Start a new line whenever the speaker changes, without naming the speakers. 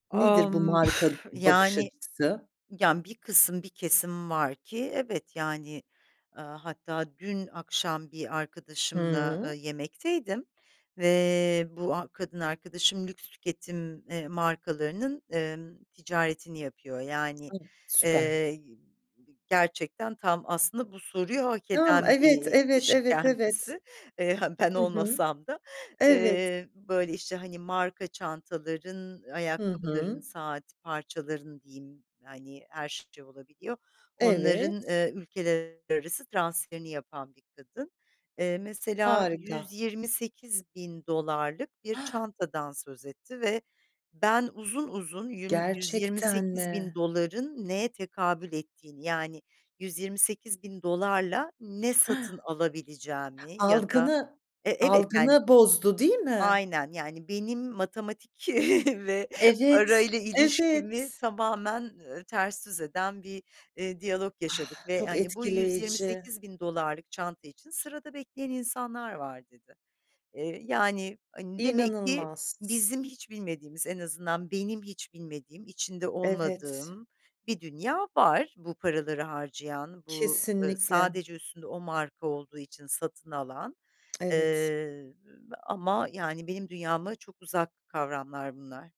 A,
Nedir bu,
ımm,
"marka bakış
yani,
açısı?"
yani, bir kısım, bir kesim var ki evet, yani, eee, hatta dün akşam bir arkadaşımla,
Hıı.
eee, yemekteydim ve bu ha kadın arkadaşım lüks tüketim, eee, markalarının, emm, ticaretini yapıyor. Yani,
A! Süper.
eee, g gerçekten tam aslında bu soruyu hak
Tam,
eden bir,
evet,
iii,
evet,
kişi
evet, evet.
kendisi. Eee, -ha, ben
Hı hı.
olmasam da
Evet.
eee, böyle işte, hani, marka çantaların,
Hı
ayakkabıların,
hı.
saat parçalarının diyeyim, yani, her şey olabiliyor.
Evet.
Onların, eee, ülkeler arası transferini yapan bir kadın. Eee, mesela yüz
Harika.
yirmi sekiz bin dolarlık bir çantadan söz etti ve ben uzun uzun yün yüz yirmi
Gerçekten
sekiz bin
mi?
doların neye tekabül ettiğini, yani, $128.000'la ne satın alabileceğimi ya da
Algını,
e evet, yani.
algını bozdu, değil mi?
Aynen, yani, benim matematik ve
Evet,
parayla ilişkimi
evet.
tamamen, ııı, ters düz eden bir, eee, diyalog
Ah,
yaşadık ve
çok
hani, "Bu, yüz yirmi
etkileyici!
sekiz bin dolarlık çanta için sırada bekleyen insanlar var." dedi. Eee, yani, hani, demek ki
İnanılmaz!
bizim hiç bilmediğimiz, en azından benim hiç bilmediğim, içinde
Evet.
olmadığım bir dünya var, bu paraları harcayan; bu, ııı,
Kesinlikle.
sadece üstünde o marka olduğu için satın alan.
Evet.
Eee, ama, yani, benim dünyama çok uzak kavramlar bunlar.